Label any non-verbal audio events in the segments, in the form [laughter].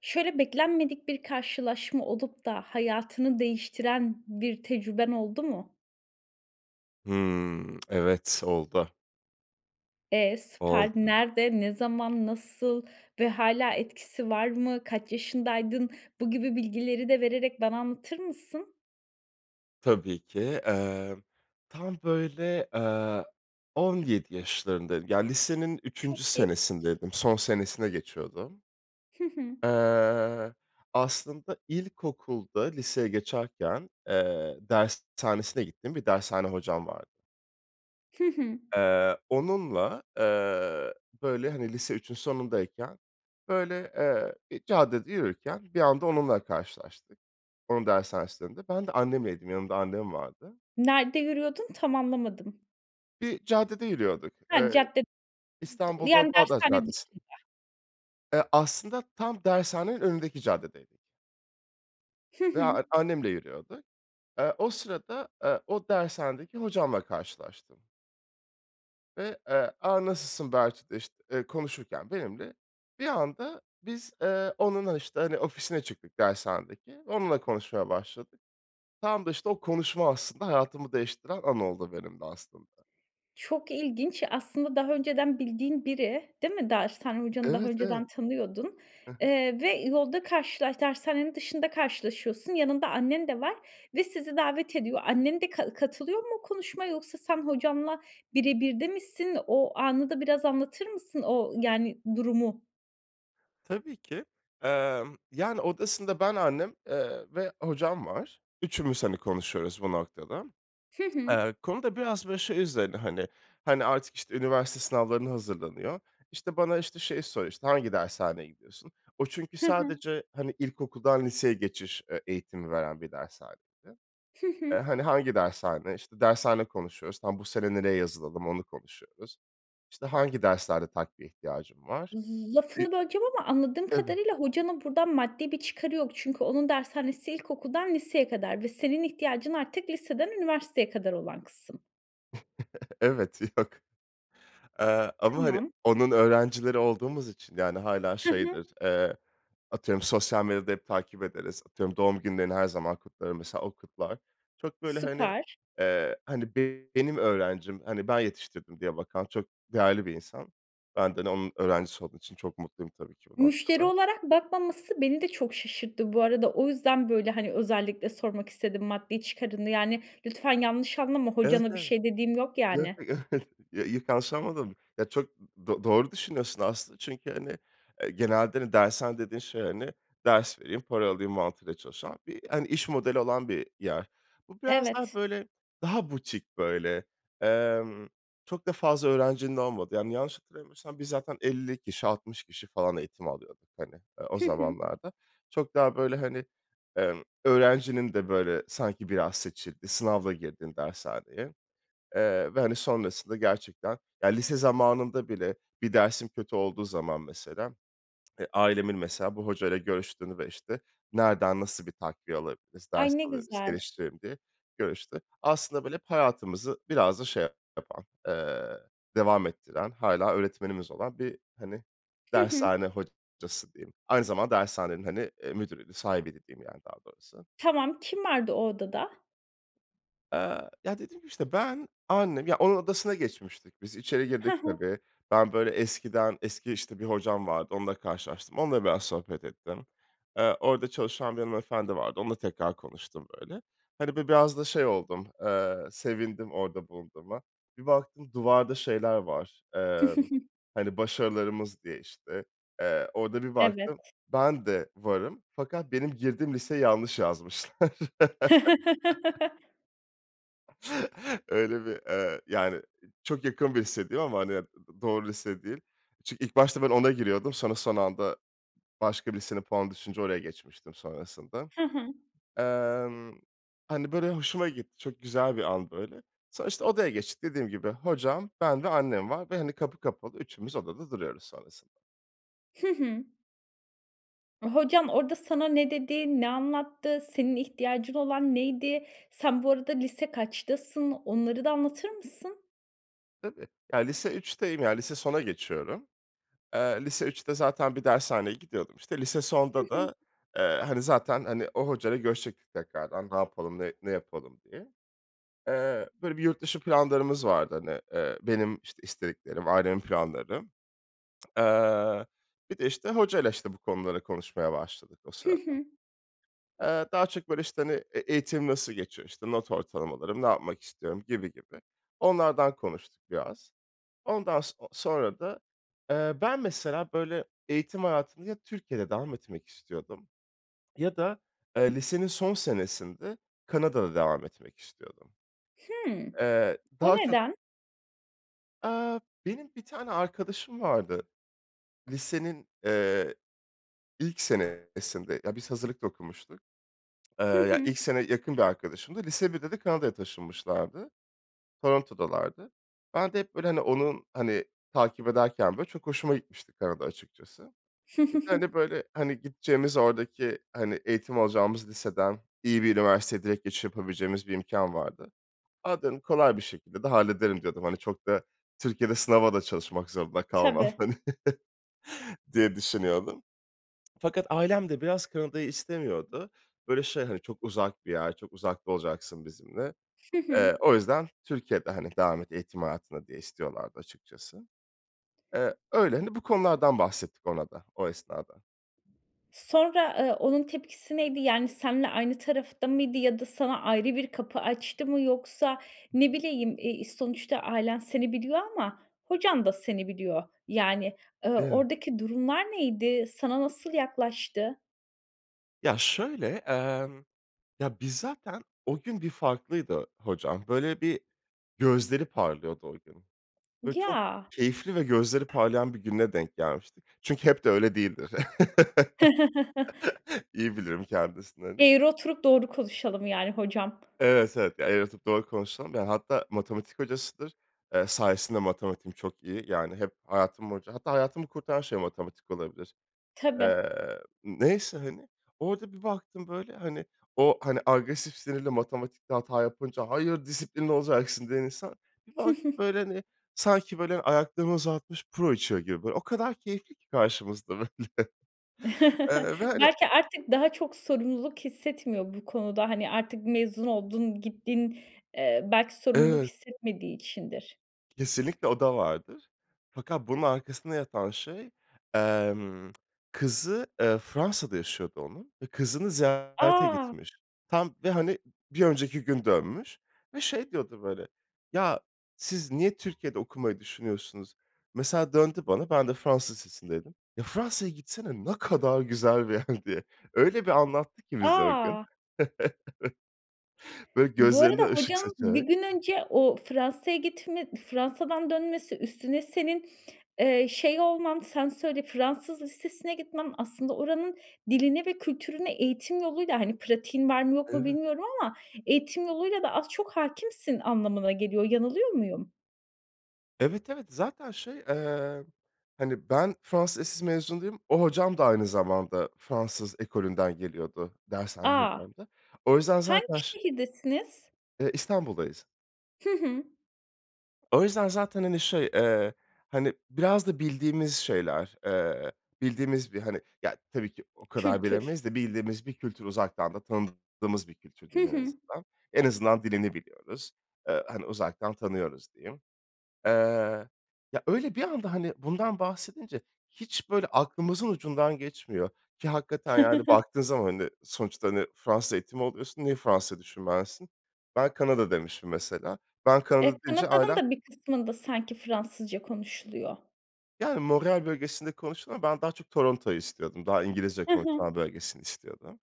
Şöyle beklenmedik bir karşılaşma olup da hayatını değiştiren bir tecrüben oldu mu? Hıı. [clicks tongue] Evet, oldu. E, süper! Oldu. Nerede, ne zaman, nasıl ve hâlâ etkisi var mı? Kaç yaşındaydın? Bu gibi bilgileri de vererek bana anlatır mısın? Tabii ki. Emm, tam böyle, eee, 17 yaşlarındaydım, yani lisenin 3'üncü Çok genç. senesindeydim, son senesine geçiyordum. Hı hı. Eee, aslında ilkokulda liseye geçerken, eee, dershanesine gittiğim bir dershane hocam vardı Hı hı. eee onunla, eee, böyle hani lise 3'ün sonundayken böyle, eee, bir caddede yürürken bir anda onunla karşılaştık onun dershanesinin önünde. Ben de annemleydim, yanımda annem vardı. Nerede yürüyordun? Tam anlamadım. Bir caddede yürüyorduk. Ha, Eee cadde [unintelligible] İstanbul'da yani Bağdat dershane Caddesi. dışında. Eee, aslında tam dershanenin önündeki caddedeydik. Hı Ve hı. a annemle yürüyorduk. Eee, o sırada, eee o dershanedeki hocamla karşılaştım. Ve, eee, "A! Nasılsın?" bahçede, işte, eee, konuşurken benimle, bir anda biz, eee, onunla, işte, hani, ofisine çıktık dershanedeki ve onunla konuşmaya başladık. Tam da işte o konuşma aslında hayatımı değiştiren an oldu benim de aslında. Çok ilginç. Aslında daha önceden bildiğin biri, değil mi? Dershane hocanı daha Evet, evet. önceden tanıyordun, Hı hı. eee, ve yolda karşılaş dershanenin dışında karşılaşıyorsun. Yanında annen de var ve sizi davet ediyor. Annen de ka katılıyor mu konuşmaya yoksa sen hocanla bire birde misin? O anı da biraz anlatır mısın o yani, durumu? Tabii ki. Emm, yani, odasında ben, annem, eee, ve hocam var. Üçümüz, hani, konuşuyoruz bu noktada. Hı hı. Eee, konu da biraz, böyle, şey üzerine, hani. Hani, artık, işte, üniversite sınavlarına hazırlanıyor. İşte, bana, işte, şeyi soruyor, "İşte, hangi dershaneye gidiyorsun?" O çünkü Hı hı. sadece, hani, ilkokuldan liseye geçiş, eee, eğitimi veren bir dershaneydi. Hı "Eee, hı. hani, hangi dershane?" İşte, dershane konuşuyoruz, tam, "Bu sene nereye yazılalım?" onu konuşuyoruz. "İşte, hangi derslerde takviye ihtiyacın var?" Bi Lafını böleceğim ama anladığım Tabii. kadarıyla hocanın buradan maddi bir çıkarı yok. Çünkü onun dershanesi ilkokuldan liseye kadar ve senin ihtiyacın artık liseden üniversiteye kadar olan kısım. [chuckles] Evet, yok. Eee, ama, hani, Tamam. onun öğrencileri olduğumuz için, yani, hâlâ Hı hı. şeydir, eee, atıyorum, sosyal medyada hep takip ederiz, atıyorum, doğum günlerini her zaman kutlarım, mesela o kutlar. Çok böyle, hani, Süper. eee, hani, be benim öğrencim, hani, ben yetiştirdim, diye bakan çok değerli bir insan. Ben de, hani, onun öğrencisi olduğum için çok mutluyum tabii ki bu Müşteri noktada. olarak bakmaması beni de çok şaşırttı bu arada. O yüzden, böyle, hani, özellikle sormak istedim, maddi çıkarını, yani, lütfen yanlış anlama, Evet, hocana bir evet. şey dediğim yok, Yo yani. yo yok ya yanlış anlamadım. Ya, çok do doğru düşünüyorsun aslında çünkü, hani, eee, genelde, hani, dershane dediğin şey, hani, ders vereyim, para alayım mantığıyla çalışan bir, hani, iş modeli olan bir yer. Bu biraz daha, Evet. böyle, daha butik böyle. Emm, çok da fazla öğrencinin olmadığı. Yani, yanlış hatırlamıyorsam biz zaten 50 kişi, 60 kişi falan eğitim alıyorduk, hani, o Hı hı. zamanlarda. Çok daha, böyle, hani, emm, öğrencinin de, böyle, sanki biraz seçildiği, sınavla girdiğin dershaneye, eee, ve, hani, sonrasında gerçekten, yani, lise zamanında bile bir dersim kötü olduğu zaman, mesela, e, ailemin, mesela, bu hocayla görüştüğünü ve, işte, nereden, nasıl bir takviye alabiliriz, Ay, ders ne alabiliriz, güzel. geliştirelim diye görüştüğü. Aslında, böyle, hep hayatımızı biraz da şey yapan, eee, devam ettiren, hâlâ öğretmenimiz olan bir, hani, Hı hı. dershane hocası diyeyim. Aynı zamanda dershanenin, hani, eee, müdürüydü, sahibiydi diyeyim yani daha doğrusu. Tamam, kim vardı o odada? Eee, ya, dediğim gibi, işte, ben, annem, ya, onun odasına geçmiştik biz. İçeri Ha girdik ha. tabii. Ben, böyle, eskiden eski, işte, bir hocam vardı, onunla karşılaştım. Onunla biraz sohbet ettim. Eee, orada çalışan bir hanımefendi vardı, onunla tekrar konuştum, böyle. Hani, bi biraz da şey oldum, eee, sevindim orada bulunduğuma. Bir baktım duvarda şeyler var, eee, [chuckles] hani, "başarılarımız" diye, işte, eee, orada bir baktım Evet. ben de varım fakat benim girdiğim liseyi yanlış yazmışlar. [laughs] [chuckles] Öyle bir, eee, yani, i çok yakın bir lise diyeyim ama, hani, d d doğru lise değil. Çünkü ilk başta ben ona giriyordum, sonra son anda başka birisinin puanı düşünce oraya geçmiştim sonrasında. Hı hı. Emm, hani, böyle, hoşuma gitti, çok güzel bir an böyle. Sonra işte odaya geçtik. Dediğim gibi, hocam, ben ve annem var ve, hani, kapı kapalı. Üçümüz odada duruyoruz sonrasında. Hı hı. Hocan orada sana ne dedi, ne anlattı, senin ihtiyacın olan neydi? Sen bu arada lise kaçtasın, onları da anlatır mısın? Tabii. Ya lise 3'teyim ya lise sona geçiyorum. Eee, lise 3'te zaten bir dershaneye gidiyordum işte. Lise Hı sonda hı. da, eee, hani zaten, hani, o hocayla görüşecektik tekrardan. Ne yapalım ne ne yapalım diye. Eee, böyle bir yurtdışı planlarımız vardı, hani, eee, benim işte istediklerim, ailemin planları. [smacks lips] Eee, bir de işte hocayla işte bu konuları konuşmaya başladık o Hı sırada. hı. Eee, daha çok böyle işte, hani, e eğitim nasıl geçiyor, işte not ortalamalarım, ne yapmak istiyorum gibi gibi. Onlardan konuştuk biraz. Ondan so sonra da, eee, ben mesela böyle eğitim hayatında ya Türkiye'de devam etmek istiyordum ya da, eee, lisenin son senesinde Kanada'da devam etmek istiyordum, Hımm. eee, O daha çok neden? Aaa, benim bir tane arkadaşım vardı. Lisenin, eee, ilk senesinde ya biz hazırlık da okumuştuk. Eee, Hı ya hı. ilk sene yakın bir arkadaşımdı. Lise 1'de de Kanada'ya taşınmışlardı. Toronto'dalardı. Ben de hep böyle, hani, onun, hani, takip ederken böyle çok hoşuma gitmişti Kanada açıkçası. Bir de hani [chuckles] böyle, hani, gideceğimiz oradaki, hani, eğitim alacağımız liseden iyi bir üniversiteye direkt geçiş yapabileceğimiz bir imkân vardı. A dedim, kolay bir şekilde de hallederim diyordum. Hani çok da Türkiye'de sınava da çalışmak zorunda kalmam Tabii. hani [chuckles] diye düşünüyordum. Fakat ailem de biraz Kanada'yı istemiyordu. Böyle şey hani çok uzak bir yer, çok uzakta olacaksın bizimle. Hı hı. Eee, o yüzden Türkiye'de, hani, devam et eğitim hayatına diye istiyorlardı açıkçası. Eee, öyle, hani bu konulardan bahsettik ona da o esnada. Sonra, eee, onun tepkisi neydi? Yani, seninle aynı tarafta mıydı ya da sana ayrı bir kapı açtı mı? Yoksa Hı ne hı. bileyim, eee, sonuçta ailen seni biliyor ama hocan da seni biliyor. Yani, eee, Evet. oradaki durumlar neydi? Sana nasıl yaklaştı? Ya, şöyle, emm, ya, biz zaten O gün bir farklıydı hocam. Böyle, bir gözleri parlıyordu o gün. Böyle, çok Ya! keyifli ve gözleri parlayan bir gününe denk gelmiştik. Çünkü hep de öyle değildir. [chuckles] [chuckles] İyi bilirim kendisini, hani. Eğri oturup doğru konuşalım yani hocam. Evet, evet. Ya, eğri oturup doğru konuşalım. Ya, hatta matematik hocasıdır. Eee, sayesinde matematiğim çok iyi. Yani, hep hayatım boyunca hatta hayatımı kurtaran şey matematik olabilir. Tabii. Eee, neyse hani. Orada bir baktım, böyle, hani, o, hani, agresif, sinirli, matematikte hata yapınca "Hayır, disiplinli olacaksın." diyen insan, bir baktım, [chuckles] böyle, hani, sanki, böyle, ayaklarını uzatmış puro içiyor gibi böyle. O kadar keyifli ki karşımızda, böyle. [chuckles] Eee, ve, hani Belki artık daha çok sorumluluk hissetmiyor bu konuda. Hani, artık mezun oldun, gittin, eee, belki sorumluluk Evet. hissetmediği içindir. Kesinlikle o da vardır. Fakat bunun arkasında yatan şey, emm, kızı, eee, Fransa'da yaşıyordu onun ve kızını ziyarete A! gitmiş. Tam ve, hani, bir önceki gün dönmüş ve şey diyordu, böyle, "Ya, siz niye Türkiye'de okumayı düşünüyorsunuz?" Mesela döndü bana, ben de Fransız lisesindeydim. "Ya, Fransa'ya gitsene, ne kadar güzel bir yer." diye. Öyle bir anlattı ki bize o gün. A! [chuckles] Evet. Böyle, Bu gözlerinde arada ışık hocan 1 saçarak. gün önce o Fransa'ya gitme, Fransa'dan dönmesi, üstüne senin, eee, şey olman sen söyle, Fransız lisesine gitmen, aslında oranın diline ve kültürüne eğitim yoluyla, hani, pratiğin var mı yok mu Evet. bilmiyorum ama eğitim yoluyla da az çok hâkimsin anlamına geliyor. Yanılıyor muyum? Evet, evet. Zaten, şey, eee, hani, ben Fransız lisesi mezunuyum, o hocam da aynı zamanda Fransız ekolünden geliyordu, dershane A! hocam da. O yüzden Hangi zaten ş şehirdesiniz? Eee, İstanbul'dayız. Hı hı. O yüzden zaten, hani, şey, eee, hani, biraz da bildiğimiz şeyler. Eee, bildiğimiz bir, hani, ya, tabii ki o kadar Kültür. bilemeyiz de bildiğimiz bir kültür uzaktan da tanıdığımız bir kültür Hı diyeyim en hı. azından. En azından dilini biliyoruz. Eee, hani uzaktan tanıyoruz, diyeyim. Eee, ya öyle bir anda, hani, bundan bahsedince hiç böyle aklımızın ucundan geçmiyor ki hakikaten, yani, [chuckles] baktığın zaman, hani, sonuçta, hani, Fransız eğitimi alıyorsun, niye Fransa'yı düşünmezsin? Ben Kanada demişim mesela. Ben E, Kanada deyince Kanada'nın ailem da bir kısmında sanki Fransızca konuşuluyor. Yani, Montréal bölgesinde konuşuluyor ama ben daha çok Toronto'yu istiyordum. Daha İngilizce Hı hı. konuşulan bölgesini istiyordum.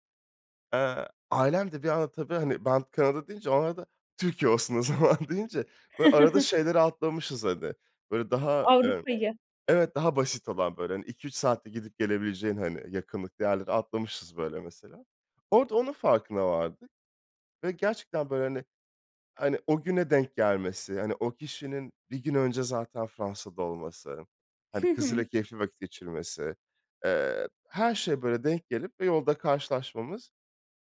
Eee, ailem de bir anda, tabii, hani ben Kanada deyince, o arada, Türkiye olsun o zaman deyince böyle arada [chuckles] şeyleri atlamışız, hani, böyle daha, eee Avrupa'yı. Evet, daha basit olan böyle, hani, 2-3 saatte gidip gelebileceğin, hani, yakınlıklı yerleri atlamışız, böyle, mesela. Orada onun farkına vardık ve gerçekten böyle, hani hani, o güne denk gelmesi, hani, o kişinin 1 gün önce zaten Fransa'da olması, hani, Hı kızıyla hı. keyifli vakit geçirmesi, eee, her şeye böyle denk gelip ve yolda karşılaşmamız.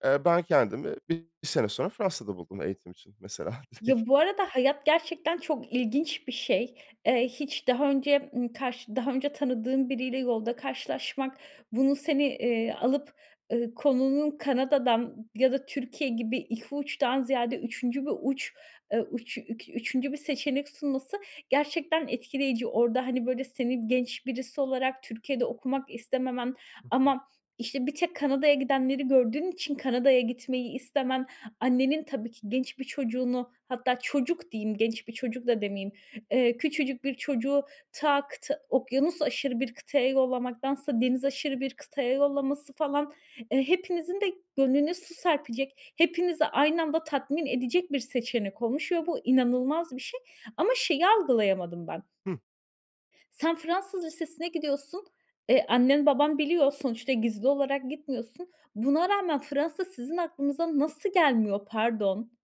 Eee, ben kendimi bir bir sene sonra Fransa'da buldum eğitim için mesela direkt. Ya, bu arada hayat gerçekten çok ilginç bir şey. Eee, hiç daha önce, ımm, karşı daha önce tanıdığın biriyle yolda karşılaşmak bunu seni, eee, alıp, ııı, konunun Kanada'dan ya da Türkiye gibi 2 uçtan ziyade 3'üncü bir uç, eee, uç ük üçüncü bir seçenek sunması gerçekten etkileyici. Orada, hani, böyle senin genç birisi olarak Türkiye'de okumak istememen Hı hı. ama işte bir tek Kanada'ya gidenleri gördüğün için Kanada'ya gitmeyi istemen, annenin tabii ki genç bir çocuğunu hatta çocuk diyeyim genç bir çocuk da demeyeyim, eee, küçücük bir çocuğu ta kıta okyanusaşırı bir kıtaya yollamaktansa denizaşırı bir kıtaya yollaması falan, eee, hepinizin de gönlüne su serpecek, hepinizi aynı anda tatmin edecek bir seçenek olmuş ve bu inanılmaz bir şey. Ama şeyi algılayamadım ben. Hı. Sen Fransız lisesine gidiyorsun. E, annen baban biliyor, sonuçta gizli olarak gitmiyorsun. Buna rağmen Fransa sizin aklınıza nasıl gelmiyor? Pardon!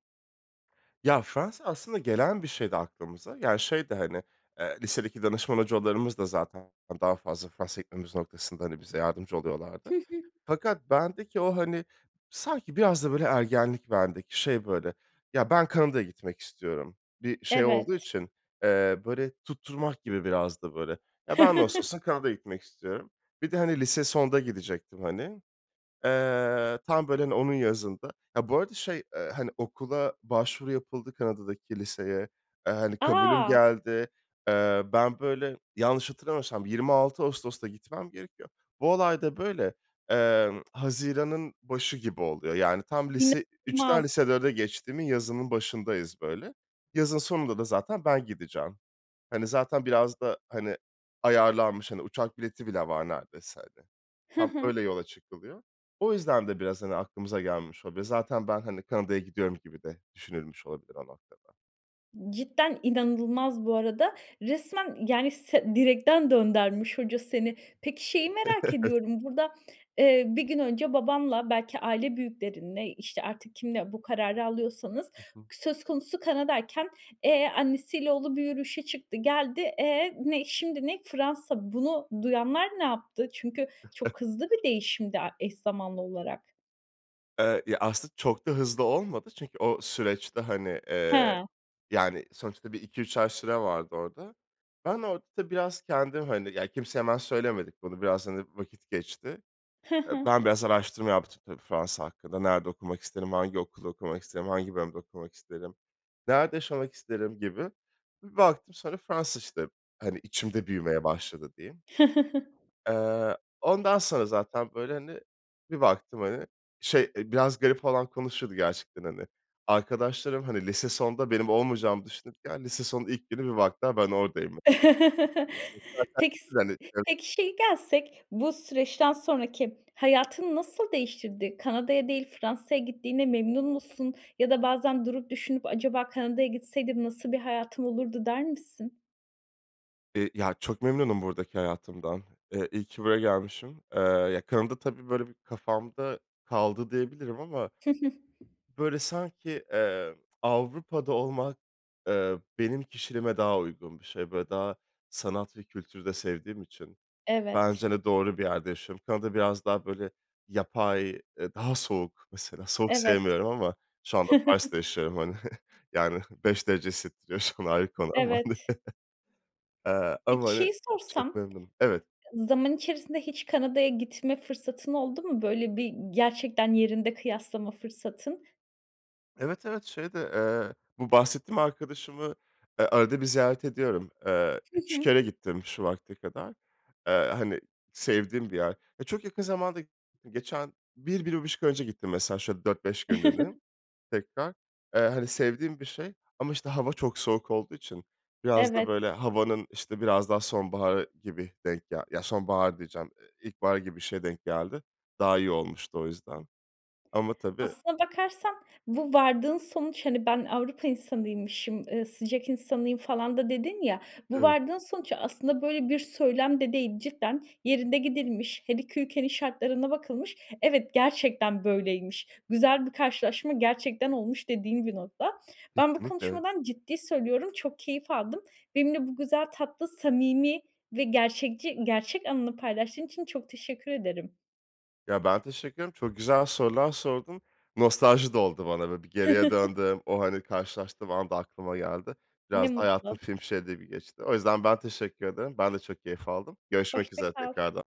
Ya Fransa aslında gelen bir şeydi aklımıza. Yani şey de hani, eee, lisedeki danışman hocalarımız da zaten daha fazla Fransa'ya gitmemiz noktasında, hani, bize yardımcı Hı oluyorlardı. hı. Fakat bendeki o, hani, sanki biraz da böyle ergenlik bendeki. Şey, böyle, ya ben Kanada'ya gitmek istiyorum. Bir şey olduğu Evet. için, eee, böyle tutturmak gibi biraz da böyle. Ya ben [unintelligible] [chuckles] Kanada'ya gitmek istiyorum. Bir de, hani, lise sonda gidecektim, hani. Eee, tam böyle, hani, onun yazında. Ya bu arada şey, eee, hani, okula başvuru yapıldı Kanada'daki liseye. Eee, hani, kabulüm A. geldi. Eee, ben böyle yanlış hatırlamıyorsam 26 Ağustos'ta gitmem gerekiyor. Bu olay da böyle, emm, haziranın başı gibi oluyor. Yani tam lise 3'ten İnanılmaz. lise 4'e geçtiğimin yazının başındayız böyle. Yazın sonunda da zaten ben gideceğim. Hani zaten biraz da, hani, ayarlanmış, hani, uçak bileti bile var neredeyse, hani. Hı Tam öyle hı. yola çıkılıyor. O yüzden de biraz, hani, aklımıza gelmiş [unintelligible] zaten ben, hani, Kanada'ya gidiyorum gibi de düşünülmüş olabilir o noktada. Cidden inanılmaz bu arada. Resmen, yani, se direkten döndürmüş hoca seni. Peki, şeyi merak [chuckles] ediyorum, burada, eee, 1 gün önce babanla, belki aile büyüklerinle, işte, artık kiminle bu kararı alıyorsanız, Hı hı. söz konusu Kanada'yken e, annesiyle oğlu bir yürüyüşe çıktı, geldi. E, ne şimdi ne? Fransa. Bunu duyanlar ne yaptı? Çünkü [chuckles] çok hızlı bir değişim de a eş zamanlı olarak. Eee, ya, aslında çok da hızlı olmadı çünkü o süreçte, hani, eee, He. yani, sonuçta bir 2-3 ay süre vardı orada. Ben orada tabii biraz kendim, hani, ya, kimseye hemen söylemedik bunu, biraz, hani, vakit geçti. Hı Eee, hı. ben biraz araştırma yaptım, tabii, Fransa hakkında. Nerede okumak isterim, hangi okulda okumak isterim, hangi bölümde okumak isterim, nerede yaşamak isterim gibi. Bir baktım sonra Fransa, işte, hani, içimde büyümeye başladı, diyeyim. [chuckles] Eee, ondan sonra zaten, böyle, hani, bir baktım, hani, şey, eee, biraz garip falan konuşuyordu gerçekten, hani, arkadaşlarım, hani lise sonda benim olmayacağımı düşünürken, lise sonun ilk günü bir baktılar ben oradayım. [laughs] [unintelligible] Peki, s Hani [unintelligible] peki, şeye gelsek, bu süreçten sonraki hayatını nasıl değiştirdi? Kanada'ya değil, Fransa'ya gittiğine memnun musun? Ya da bazen durup düşünüp, acaba Kanada'ya gitseydim nasıl bir hayatım olurdu, der misin? Eee, ya çok memnunum buradaki hayatımdan. Eee, iyi ki buraya gelmişim. Eee, ya kanımda tabii böyle bir kafamda kaldı diyebilirim ama Hı hı. böyle sanki, emm, Avrupa'da olmak, eee, benim kişiliğime daha uygun bir şey. Böyle daha sanat ve kültürü de sevdiğim için. Evet. Bence de doğru bir yerde yaşıyorum. Kanada biraz daha böyle yapay, eee, daha soğuk. Mesela, soğuk Evet. sevmiyorum ama şu anda Paris'te [chuckles] yaşıyorum hani. [giggles] Yani [giggles] 5 derece hissettiriyor şu an, ayrı konu ama, hani, Evet. [chuckles] eee, ama Peki hani, şeyi sorsam, çok memnunum. Evet. ı zaman içerisinde hiç Kanada'ya gitme fırsatın oldu mu böyle bir, gerçekten yerinde kıyaslama fırsatın? Evet, evet, şeyde, eee, bu bahsettiğim arkadaşımı, eee, arada bir ziyaret ediyorum. Eee, Hı 3 hı. kere gittim şu vakte kadar. Eee, hani sevdiğim bir yer. Eee, çok yakın zamanda gittim. Geçen 1-1,5 ay önce gittim mesela şöyle 4-5 günlüğüne tekrar. Eee, hani sevdiğim bir şey ama işte hava çok soğuk olduğu için biraz da, Evet. böyle, havanın, işte, biraz daha sonbaharı gibi denk gel Ya sonbahar diyeceğim, eee, ilkbahar gibi bir şeye denk geldi. Daha iyi olmuştu o yüzden ama tabii Aslına bakarsan bu vardığın sonuç, hani, ben "Avrupa insanıymışım, eee, sıcak insanıyım" falan da dedin ya, bu Evet. vardığın sonuç aslında böyle bir söylem de değil. Cidden yerinde gidilmiş, her 2 ülkenin şartlarına bakılmış; evet, gerçekten böyleymiş, güzel bir karşılaşma gerçekten olmuş dediğin bir nokta. Ben bu Kesinlikle, evet. konuşmadan ciddi söylüyorum çok keyif aldım. Benimle bu güzel, tatlı, samimi ve gerçekçi gerçek anını paylaştığın için çok teşekkür ederim. Ya ben teşekkür ederim, çok güzel sorular sordun, nostalji de oldu bana böyle. Bir geriye [chuckles] döndüm, o, hani, karşılaştığım an da aklıma geldi. Biraz Ne da hayatım mutlu. film şeridi gibi geçti. O yüzden ben teşekkür ederim, ben de çok keyif aldım. Görüşmek Hoşça üzere kal. tekrardan.